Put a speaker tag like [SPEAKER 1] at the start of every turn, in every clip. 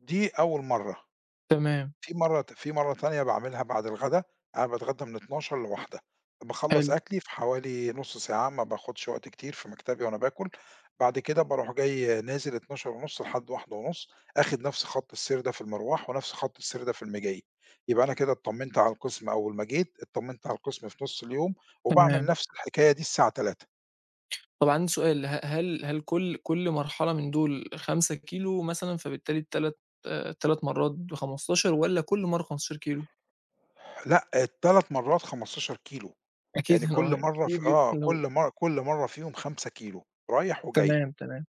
[SPEAKER 1] دي أول مَرّة،
[SPEAKER 2] تمام.
[SPEAKER 1] في مَرّة ت في مَرّة تانية باعملها بعد الغدا، أنا باتغدى من 12:00 ل13:00، باخلّص
[SPEAKER 2] حلو.
[SPEAKER 1] أكلي في حوالي نُص ساعة ما باخدش وقت كتير في مكتبي وأنا باكل، بعد كده بارُوح جاي نازل 12:30 لحد 13:30، آخد نفْس خط السير ده في المِرْواح ونفْس خط السير ده في المِجي، يبقى أنا كده اتْطمِّنت على القسم أول ما جيتK اتْطمِّنت على القسم في نُص اليوم، وباعمل
[SPEAKER 2] تمام.
[SPEAKER 1] نفْس الحكاية دي الساعة 15:00.
[SPEAKER 2] طَب عندي سؤال، ه هل هل كلّ كلّ مرحلة من دُول 5 كيلو مثلًا، فبالتالي التلات تلات مرّات ب15، والّا كلّ مَرّة 15 كيلو؟
[SPEAKER 1] لأ ال3 مرّات 15 كيلو
[SPEAKER 2] أكيد
[SPEAKER 1] يعني كلّ مَرّة ف آه
[SPEAKER 2] [unintelligible]
[SPEAKER 1] كلّ مَر كلّ مَرّة فيهم 5 كيلو، رايح وجاي
[SPEAKER 2] تمام، تمام،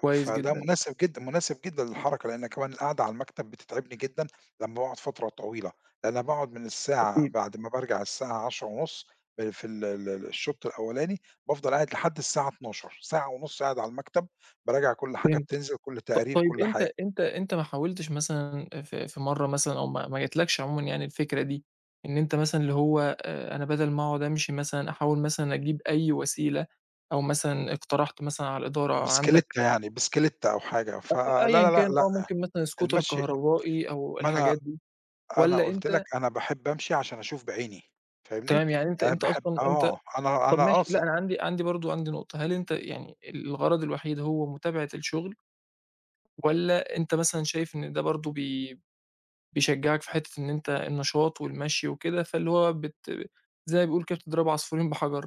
[SPEAKER 2] كويس
[SPEAKER 1] فده
[SPEAKER 2] جدًا.
[SPEAKER 1] مناسب جدًا مناسب جدًا للحركة لأن كمان القعدة على المكتب بتتعبني جدًا، لمّا باقعد فترة طويلة، أنا باقعد من الساعة
[SPEAKER 2] أكيد.
[SPEAKER 1] بعد ما بارجع الساعة 10:30 ال في ال ال الشوط الأوّلاني، بافضل قاعد لحد الساعة 12:00، ساعة ونُص قاعد على المكتب باراجع كلّ حاجة
[SPEAKER 2] فهمتك،
[SPEAKER 1] بتنْزل كلّ
[SPEAKER 2] ط
[SPEAKER 1] تقرير
[SPEAKER 2] طيب
[SPEAKER 1] كلّ
[SPEAKER 2] أنت
[SPEAKER 1] حاجة.
[SPEAKER 2] أنت أنت ما حاولتش مثلًا في في مَرّة مثلًا أو ما ما جاتلكش عمومًا يعني الفكرة دي، إن أنت مثلًا اللي هو آآ أنا بَدَل ما أقعد أمْشي مثلًا أحاول مثلًا أجيب أي وسيلة؟ أو مثلًا اقترحت مثلًا على الإدارة عندك
[SPEAKER 1] بِسْكِليتَّة يعني بِسْكِليتَّة أو حاجة، ف لا، لا،
[SPEAKER 2] أيًّا
[SPEAKER 1] لا،
[SPEAKER 2] كان
[SPEAKER 1] لأ،
[SPEAKER 2] آه ممكن مثلًا Scooter
[SPEAKER 1] المشي
[SPEAKER 2] كهربائي أو
[SPEAKER 1] ما أنا
[SPEAKER 2] الحاجات دي،
[SPEAKER 1] أنا
[SPEAKER 2] والّا
[SPEAKER 1] قُلت لك
[SPEAKER 2] أنت
[SPEAKER 1] أنا باحب أمشي عشان أشوف بعيني، فاهمني؟
[SPEAKER 2] تمام يعني أنت
[SPEAKER 1] أنا
[SPEAKER 2] أنت
[SPEAKER 1] باحب
[SPEAKER 2] أصلًا أنت
[SPEAKER 1] آه، أنا
[SPEAKER 2] طَب
[SPEAKER 1] أنا
[SPEAKER 2] ماشي لأ
[SPEAKER 1] قاصد.
[SPEAKER 2] أنا عندي عندي برضه عندي نقطة، هل أنت يعني الغرض الوحيد هو متابعة الشغل؟ والّا أنت مثلًا شايف إن ده برضه بي بيشجّعك في حتّة إن أنت النشاط والمشي وكده، فاللي هو بت زي ما بيقولوا كده بتضرب عصفورين بحجر؟